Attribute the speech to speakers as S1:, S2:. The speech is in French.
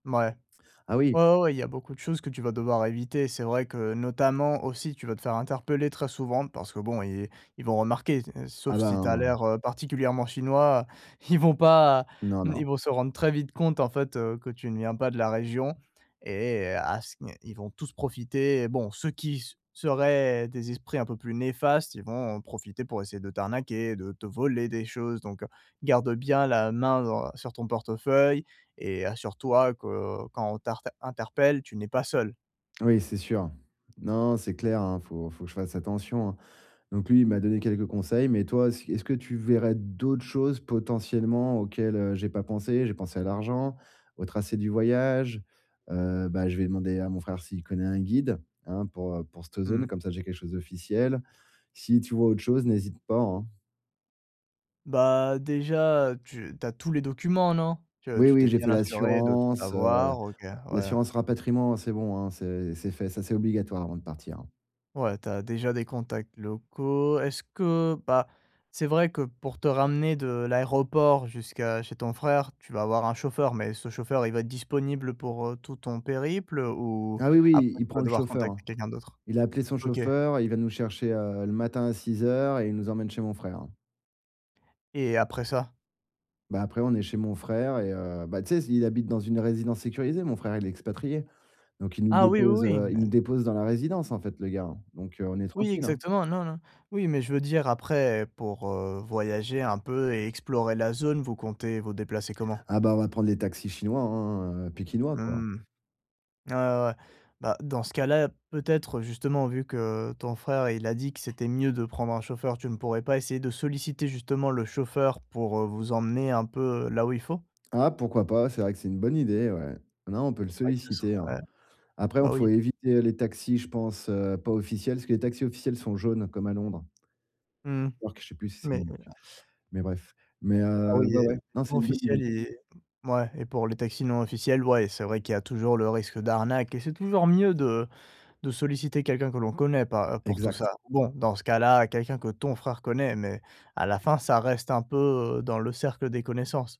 S1: Mouais.
S2: Ah oui.
S1: Ouais, ouais, ouais, il y a beaucoup de choses que tu vas devoir éviter. C'est vrai que, notamment, aussi, tu vas te faire interpeller très souvent parce que, bon, et ils vont remarquer et
S2: Ah
S1: sauf si tu as
S2: ben.
S1: l'air, heu, particulièrement chinois, ils vont pas
S2: Non,
S1: hem, ils
S2: non.
S1: vont se rendre très vite compte, en fait, heu, que tu ne viens pas de la région. Et à ce n ils vont tous profiter, bon, ceux qui s seraient des esprits un peu plus néfastes, ils vont profiter pour essayer de t'arnaquer, de te voler des choses, donc heu, garde bien la main dans sur ton portefeuille et assure-toi que, heu, quand on t'arte interpelle, tu n'es pas seul.
S2: Oui, c'est sûr. Non, non, c'est clair, hein, faut faut que je fasse attention, hein. Donc lui, il m'a donné quelques conseils mais toi, est-ce est-ce que tu verrais d'autres choses potentiellement auxquelles, heu, j'ai pas pensé? J'ai pensé à l'argent, au tracé du voyage, heu, bah, je vais demander à mon frère s'il connaît un guide, hein, pour, heu, pour cette
S1: Mmh
S2: zone,
S1: mh.
S2: comme ça, j'ai quelque chose d'officiel. Si tu vois autre chose, n'hésite pas, hein.
S1: Bah, déjà, heu, tu tu as tous les documents, non? Tu, heu,
S2: Oui,
S1: tu t'es
S2: oui, j'ai
S1: bien
S2: fait
S1: assuré de tout
S2: l'assurance heu. Heu,
S1: avoir. OK, ouais.
S2: l'assurance rapatriement, c'est bon, hein, c'est c'est fait. Ça, c'est obligatoire avant de partir, hein.
S1: Ouais, tu as déjà des contacts locaux. Est-ce que bah, c'est vrai que pour te ramener de l'aéroport jusqu'à chez ton frère, tu vas avoir un chauffeur, mais ce chauffeur, il va être disponible pour, heu, tout ton périple? Ou
S2: Ah oui, oui,
S1: après
S2: il
S1: tu
S2: prend
S1: vas
S2: le
S1: devoir
S2: chauffeur,
S1: contacter
S2: hein.
S1: quelqu'un d'autre?
S2: Il a appelé son
S1: OK.
S2: chauffeur, il va nous chercher, heu, le matin à 06:00 et il nous emmène chez mon frère, hein.
S1: Et après ça?
S2: Bah, après, on est chez mon frère et heu, bah, tu sais, s il habite dans une résidence sécurisée, mon frère, il est expatrié. Donc il nous
S1: Ah oui,
S2: dépose,
S1: oui, oui.
S2: heu, il
S1: Mais
S2: nous dépose dans la résidence, en fait, le gars, hein. Donc, heu, on est
S1: Oui,
S2: tranquilles, hein.
S1: exactement, non, non. Oui, mais je veux dire après pour, heu, voyager un peu et explorer la zone, vous comptez vous déplacer comment?
S2: Ah, bah, on va prendre les taxis chinois, hein, heu, pékinois quoi.
S1: Mmh. Ah ouais, ouais, ouais. Bah, dans ce cas-là, peut-être, justement, vu que, heu, ton frère, il a dit que c'était mieux de prendre un chauffeur, tu ne pourrais pas essayer de solliciter justement le chauffeur pour, heu, vous emmener un peu, heu, là où il faut?
S2: Ah, pourquoi pas? C'est vrai que c'est une bonne idée, ouais. Non, on peut le
S1: C'est vrai que ce
S2: solliciter, hein.
S1: serait.
S2: Après, hein,
S1: Bah
S2: faut
S1: oui.
S2: éviter, heu, les taxis, je pense, heu, pas officiels, parce que les taxis officiels sont jaunes comme à Londres.
S1: Mmh mh.
S2: New-York, je sais plus si c'est
S1: Mais heu
S2: New-York, mais bref. Mais
S1: Ah
S2: heu,
S1: oui
S2: ouais,
S1: et
S2: ouais, non c'est
S1: non
S2: une bonne idée.
S1: officiel et mouais. Et pour les taxis non officiels, ouais, c'est vrai qu'il y a toujours le risque d'arnaque et c'est toujours mieux de de solliciter quelqu'un que l'on connaît, pas heu, pour tout ça.
S2: Exact.
S1: Bon, dans ce cas là, quelqu'un que ton frère connaît mais à la fin, ça reste un peu, heu, dans le cercle des connaissances.